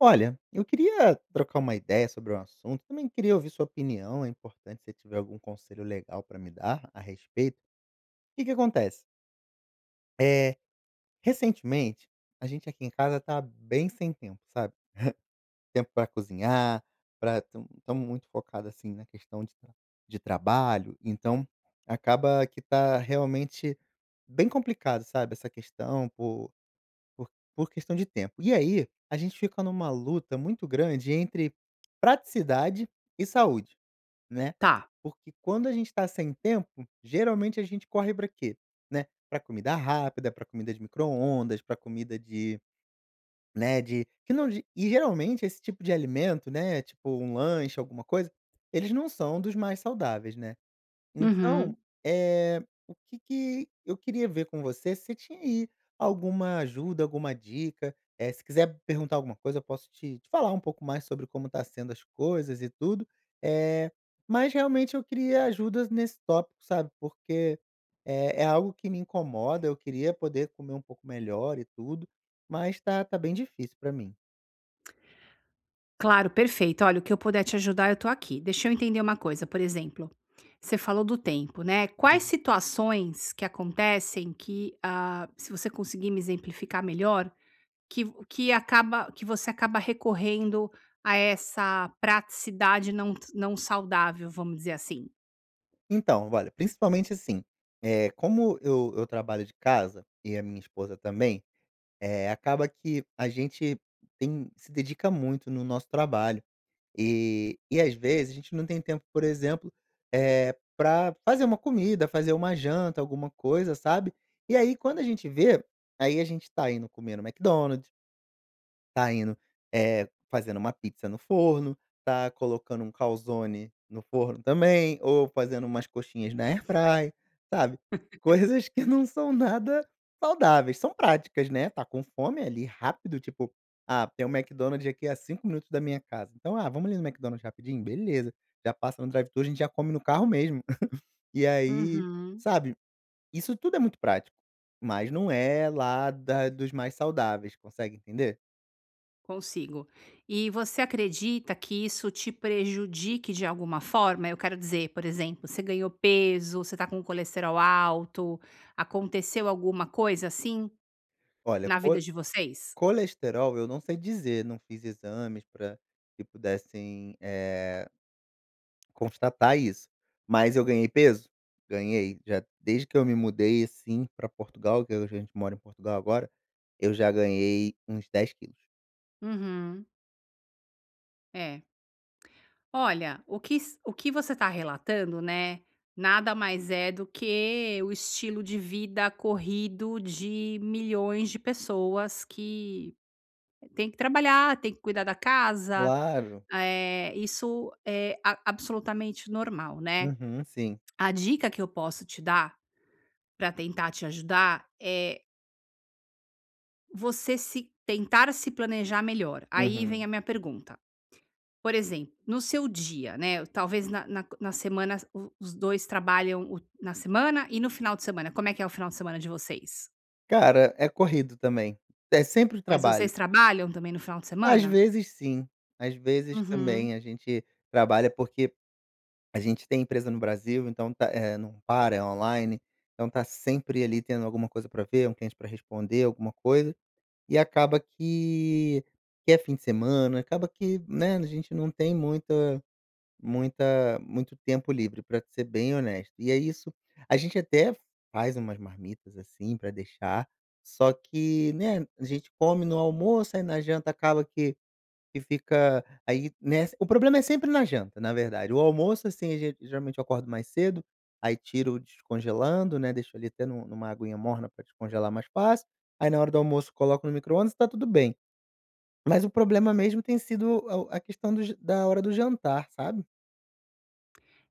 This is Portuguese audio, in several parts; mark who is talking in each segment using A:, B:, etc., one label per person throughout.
A: Olha, eu queria trocar uma ideia sobre um assunto, também queria ouvir sua opinião, é importante se tiver algum conselho legal pra me dar a respeito. Que que acontece eh, recentemente, a gente aqui em casa tá bem sem tempo, sabe? Tempo para cozinhar, para tam estamos muito focado assim na questão de tra de trabalho, então, acaba que tá realmente, bem complicado, sabe? Essa questão, por por por questão de tempo. E aí, a gente fica numa luta muito grande entre praticidade e saúde, né?
B: Tá.
A: Porque quando a gente está sem tempo, geralmente a gente corre pra quê, né? Pra comida rápida, pra comida de microondas, pra comida de né, de que não de e geralmente esse tipo de alimento, né, tipo, um lanche alguma coisa, eles não são dos mais saudáveis, né?
B: Uhum.
A: Então, eh, o que que eu queria ver com você, se tinha aí alguma ajuda, alguma dica. Eh, se quiser perguntar alguma coisa, eu posso te te falar um pouco mais sobre como está sendo as coisas e tudo, eh, mas realmente eu queria ajudas nesse tópico, sabe? Porque, eh, é algo que me incomoda, eu queria poder comer um pouco melhor e tudo. Mas tá tá bem difícil para mim.
B: Claro. Perfeito. Olha, o que eu puder te ajudar, eu tô aqui. Deixa eu entender uma coisa, por exemplo, você falou do tempo, né. Quais
A: Uhum.
B: situações, que acontecem que, hã, se você conseguir me exemplificar melhor. Que v que acaba que você acaba recorrendo a essa praticidade não ts não saudável, vamos dizer assim.
A: Então, olha, principalmente assim, eh, como eu eu trabalho de casa e a minha esposa também, eh, acaba que a gente tem se dedica muito no nosso trabalho, eh, e às vezes a gente não tem tempo, por exemplo, eh, para fazer uma comida, fazer uma janta, alguma coisa, sabe? E aí quando a gente vê, aí, a gente tá indo comer no McDonald's tá indo, eh fazendo uma pizza no forno, tá colocando um calzone no forno também, ou fazendo umas coxinhas na AirFryer, sabe? Coisas que não são nada saudáveis, são práticas, né, está com fome ali rápido, tipo: "Ah, tem o McDonald's aqui há 5 minutos da minha casa, então: "Ah, vamos ali no McDonald's rapidinho?" Beleza, já passa no drive-thru, a gente já come no carro mesmo. E aí,
B: Uhum.
A: sabe? Isso tudo é muito prático, mas não é, lá da dos mais saudáveis, consegue entender?
B: Consigo. E você acredita que isso te prejudique de alguma forma? Eu quero dizer, por exemplo, você ganhou peso, você tá com o colesterol alto, aconteceu alguma coisa assim?
A: Olha,
B: Na vida
A: cole
B: de vocês?
A: colesterol eu não sei dizer, não fiz exames pra que pudessem, eh constatar isso, mas eu ganhei peso. Ganhei, já desde que eu me mudei, assim, pra Portugal, que a gente mora em Portugal agora, eu já ganhei uns 10 quilos.
B: Uhum. Eh. Olha, o quis o que você está relatando, né, nada mais é do que o estilo de vida corrido de milhões de pessoas que, tem que trabalhar, tem que cuidar da casa,
A: Claro.
B: eh, isso é ab absolutamente normal, né?
A: Uhum. Sim.
B: A dica que eu posso te dar, pra tentar te ajudar é você se tentar se planejar melhor, aí vem
A: Uhum.
B: a minha pergunta. Por exemplo, no seu dia, né, talvez na na na semana o os 2 trabalham o na semana e no final de semana, como é que é o final de semana de vocês?
A: Cara, é corrido também. É sempre o
B: Mas vocês
A: trabalho.
B: trabalham também no final de
A: Às
B: semana?
A: vezes sim, às vezes
B: Uhum.
A: também a gente trabalha, porque a gente tem empresa no Brasil, então tá não para, é online, então tá sempre, ali, tendo alguma coisa pra ver, um cliente pra responder, alguma coisa, e acaba que que é fim de semana, acaba que, né, a gente não tem muita muita muito tempo livre pra te ser bem honesto, e ai isso a gente até faz umas marmitas, assim, pra deixar, só que, né, a gente come no almoço, aí na janta acaba que que fica aí, nessa o problema é sempre na janta, na verdade, o almoço assim a gen geralmente eu acordo mais cedo, aí tiro descongelando, né, deixo ali até nu numa aguinha morna pra descongelar mais fácil, aí na hora do almoço coloco no micro-ondas e tá tudo bem. Mas o problema mesmo tem sido o a questão do da hora do jantar, sabe?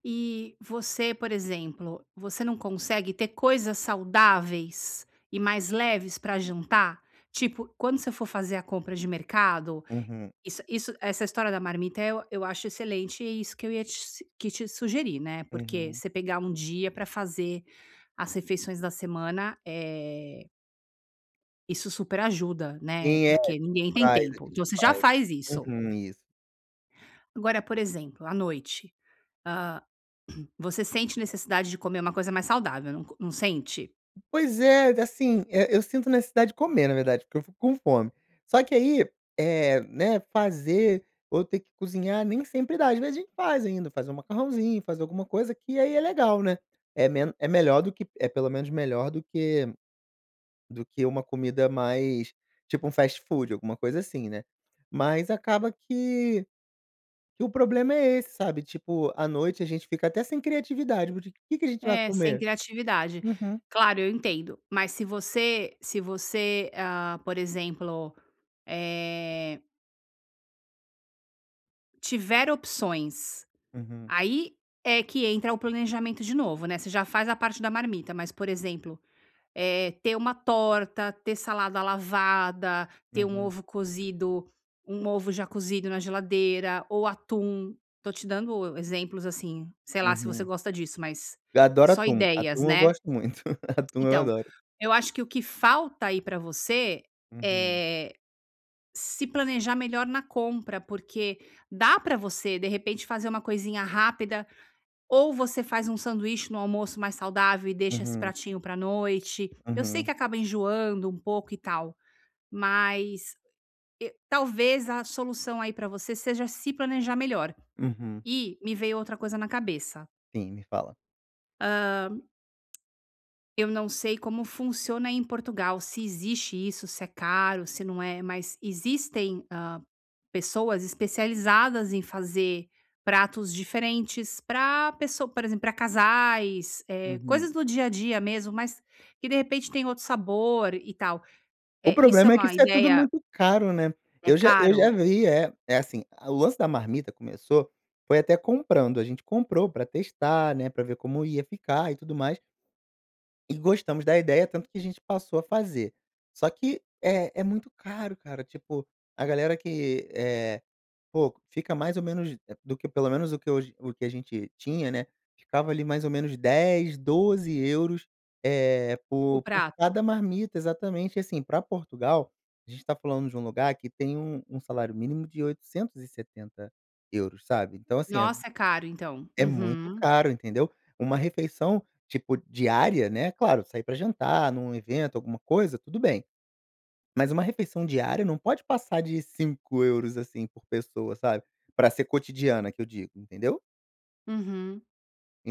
B: E você, por exemplo, você não consegue ter coisas saudáveis e mais leves pra jantar? Tipo, quando você for fazer a compra de mercado,
A: Uhum.
B: isso isso essa história da marmita, eh, eu eu acho excelente e isso que eu ia te s que te sugerir, né, porque
A: Uhum.
B: você pegar dia pra fazer as refeições da semana, eh isso super ajuda, né,
A: Sim, é. A gente
B: porque ninguém tem
A: faz. A
B: tempo. Então,
A: gente
B: você já
A: faz.
B: faz isso.
A: Uhum. Isso!
B: Agora por exemplo, à noite, hã, você sente necessidade de comer uma coisa mais saudável, não co num sente?
A: Pois é, assim, eh, eu sinto necessidade de comer na verdade, porque eu fico com fome. Só que aí, eh, né, fazer, ou ter que cozinhar nem sempre dá. Às vezes a gente faz ainda, faz um macarrãozinho, faz alguma coisa, que aí é legal, né. É meno é melhor do que é pelo menos melhor do que do que uma comida mais, tipo um fastfood, alguma coisa assim, né, mas acaba que que o problema é esse, sabe, tipo à noite a gente fica até sem criatividade, tipo, o que que a gente vai
B: É, sem
A: comer?
B: criatividade.
A: Uhum.
B: Claro, eu entendo, mas se você se você, hã, por exemplo, eh tiver opções,
A: Uhum.
B: aí é que entra o planejamento de novo, né, você já faz a parte da marmita mas, por exemplo, eh, ter uma torta, ter salada lavada, ter um
A: Uhum.
B: ovo cozido um ovo já cozido na geladeira ou atum, tô te dando exemplos, assim, sei lá se você
A: Uhum.
B: gosta disso, mas
A: Eu adoro
B: só
A: atum.
B: ideias,
A: Atum eu
B: né?
A: gosto muito. Atum eu
B: Então,
A: adoro.
B: eu acho que o que falta aí pra você,
A: Uhum.
B: eh, se planejar melhor na compra, porque dá pra você, de repente, fazer uma coisinha rápida ou você faz um sanduíche no almoço mais saudável e deixa esse
A: Uhum.
B: pratinho pra noite, eu sei que
A: Uhum.
B: acaba enjoando um pouco e tal, mas, eh, talvez a solução aí pra você seja se planejar melhor.
A: Uhum.
B: E, me veio outra coisa na cabeça.
A: Sim, me fala.
B: Hã. Eu não sei como funciona em Portugal, se existe isso, se é caro, se não é. Mas existem, hã, pessoas especializadas em fazer pratos diferentes, pra pesso por exemplo, pra casais, eh,
A: Uhum.
B: coisas do dia a dia mesmo, mais que de repente tem outro sabor e tal.
A: O
B: Eh, isso é
A: problema é que
B: uma
A: isso é tudo,
B: ideia
A: muito caro, né?
B: É
A: Eu já eu já
B: caro?
A: vi, é é assim: a o lance da marmita começou, foi até comprando. A gente comprou para testar, né, pra ver como ia ficar e tudo mais. E gostamos da ideia, tanto que a gente passou a fazer. Só que é é muito caro, cara, tipo, a galera que é Poxa, fica mais ou menos do que pelo menos o que eu j o que a gente tinha, né. Ficava, ali, mais ou menos 10, 12 euros, eh,
B: O
A: por por
B: prato?
A: cada marmita. Exatamente, e assim, pra Portugal, a gente tá falando de um lugar que tem um um salário mínimo de 870 euros, sabe? Então, assim, é
B: Nossa, é caro então.
A: é muito
B: Uhum.
A: caro, entendeu? Uma refeição, tipo diária, né, claro, sair pra jantar num evento, alguma coisa, tudo bem. Mas uma refeição diária, não pode passar de 5 euros, assim, por pessoa, sabe? Pra ser cotidiana, que eu digo, entendeu?
B: Uhum.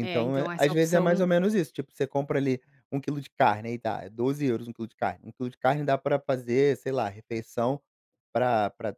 B: É,
A: é
B: então essa
A: às vezes é mais ou
B: opção
A: menos isso, tipo, você compra ali 1 quilo de carne aí tá, é 12 euros, 1 quilo de carne, 1 quilo de carne dá pra fazer, sei lá, refeição pra pra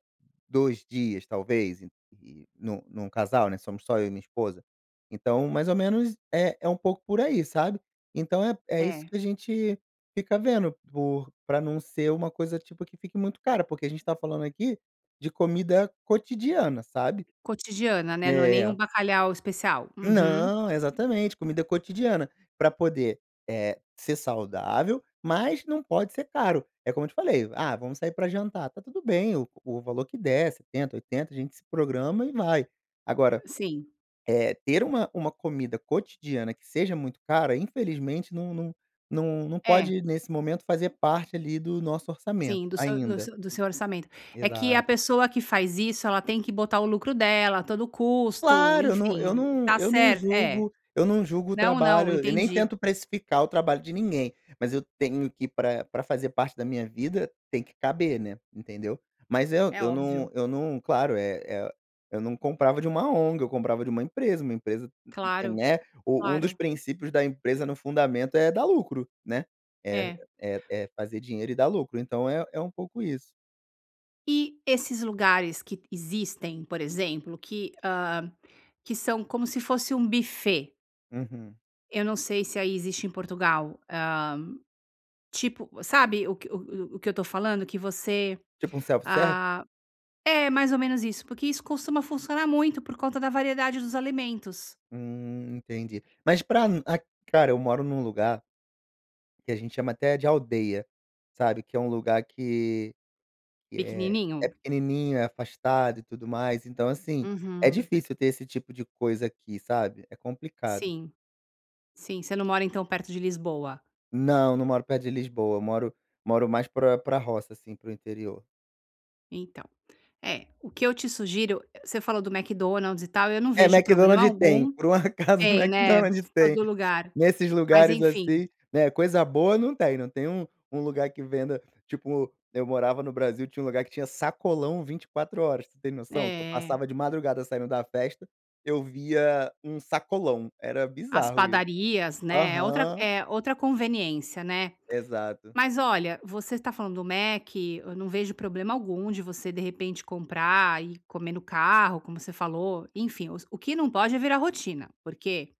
A: 2 dias talvez, e e num num casal, né, somos só eu e minha esposa. Então, mais ou menos é é um pouco por aí, sabe? Então, é é isso
B: É.
A: que a gente fica vendo por pra não ser uma coisa, tipo, que fique muito cara, porque a gente tá falando aqui de comida cotidiana, sabe?
B: Cotidiana, né, não é nem um
A: É
B: bacalhau especial. Uhum.
A: Não, exatamente comida cotidiana para poder, eh, ser saudável mas não pode ser caro. É como eu te falei, "ah vamos sair para jantar," tá tudo bem o o valor que der 70, 80 a gente se programa e vai. Agora,
B: Sim.
A: eh, ter uma uma comida cotidiana que seja muito cara, infelizmente não não não não
B: É.
A: pode nesse momento fazer parte ali do nosso orçamento,
B: Sim, do se do
A: ainda.
B: seu do seu orçamento, é que a
A: Exato.
B: pessoa que faz isso ela tem que botar o lucro dela, todo o custo,
A: Claro, eu não eu
B: enfim.
A: não
B: Tá
A: eu não
B: cert É.
A: julgo eu não julgo o
B: Não, não,
A: trabalho e nem
B: entendi.
A: tento precificar o trabalho de ninguém. Mas, eu tenho que ir pra pra fazer parte da minha vida tem que caber, né, entendeu? Mas, eu
B: É
A: não
B: óbvio.
A: eu não, claro eh eh eu não comprava de uma ONG eu comprava de uma empresa uma empresa
B: Claro,
A: Né, u um dos
B: claro.
A: princípios da empresa, no fundamento é dar lucro, né, é
B: É.
A: é é fazer dinheiro e dá lucro, então, é é um pouco isso.
B: E esses lugares que existem, por exemplo, que hã, que são como se fosse um buffet
A: Uhum.
B: eu não sei, se aí existe em Portugal, hã, tipo, sabe o que o o o que eu tô falando, que você,
A: Tipo um self service?
B: ah é mais ou menos isso, porque isso costuma funcionar muito por conta da variedade dos alimentos.
A: Hum, entendi. Mas pra um Cara, eu moro num lugar que a gente chama até de aldeia, sabe? Que é lugar que que é é
B: Pequenininho.
A: pequenininho, é afastado e tudo mais, então, assim, é
B: Uhum.
A: difícil ter esse tipo de coisa aqui, sabe? É complicado.
B: Sim, sim. Você não mora então, perto de Lisboa?
A: Não, não moro perto de Lisboa, moro moro mais pra pra roça, assim, para o interior.
B: Então. É, o que eu te sugiro, você falou do McDonald's e tal, eu não
A: É
B: vejo
A: Mc
B: problema
A: Donald's tem,
B: algum
A: por um acaso
B: Tem,
A: Mc
B: né, em
A: Donalds tem.
B: todo lugar,
A: Nesses
B: mas
A: lugares
B: enfim
A: assim, né, coisa boa não tem, não tem um um lugar que venda tipo, eu morava no Brasil, tinha um lugar que tinha sacolão 24 horas, você tem noção? Que eu
B: É.
A: passava de madrugada saindo da festa, eu via um sacolão, era
B: As
A: bizarro, isso.
B: padarias, né, é outra
A: Aham.
B: é outra conveniência, né?
A: Exato.
B: Mas olha, você tá falando do Mc, eu não vejo problema algum de você de repente comprar e comer no carro como você falou, enfim, o s o que não pode é virar rotina porque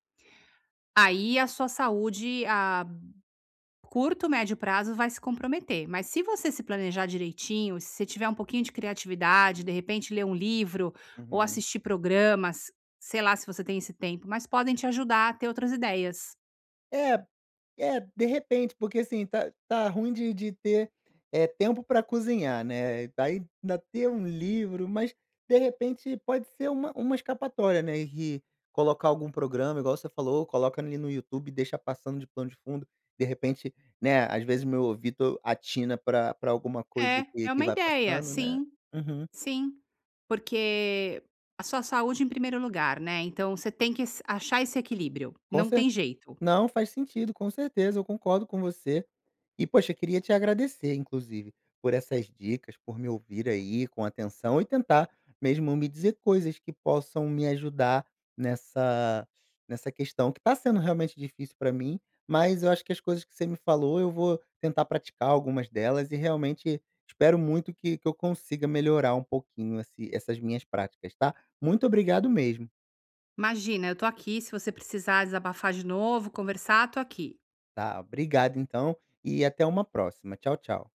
B: aí, a sua saúde a curto, médio prazo vai se comprometer. Mas, se você se planejar direitinho, se você tiver pouquinho de criatividade, de repente ler um livro ou
A: Uhum.
B: assistir programas, sei lá se você tem esse tempo, mas podem te ajudar a ter outras ideias.
A: É é de repente, porque, assim, tá tá ruim de de ter é tempo para cozinhar, né, daí ainda ter um livro, mas de repente pode ser uma uma escapatória, né, e colocar algum programa igual você falou: "Coloca ali no YouTube e deixa passando de plano de fundo," de repente, né, às vezes meu ouvido atina pra pra alguma coisa
B: É,
A: que
B: é
A: que
B: uma
A: vai
B: ideia,
A: passando, né.
B: sim,
A: Uhum.
B: sim, porque a sua saúde em primeiro lugar, né, então, você tem que s achar esse equilíbrio, não
A: Concer
B: tem jeito.
A: Não, faz sentido, com certeza, eu concordo com você. E poxa, eu queria te agradecer inclusive, por essas dicas, por me ouvir aí com atenção e tentar mesmo me dizer coisas que possam me ajudar nessa nessa questão, que tá sendo realmente difícil pra mim. Mas, eu acho que as coisas que você me falou eu vou tentar praticar algumas delas e realmente espero muito que que eu consiga melhorar um pouquinho assi essas minhas práticas, tá? Muito obrigado mesmo.
B: Imagina, eu estou aqui, se você precisar desabafar de novo, conversar, tô aqui.
A: Tá, obrigado então, e até uma próxima. Tchau, tchau.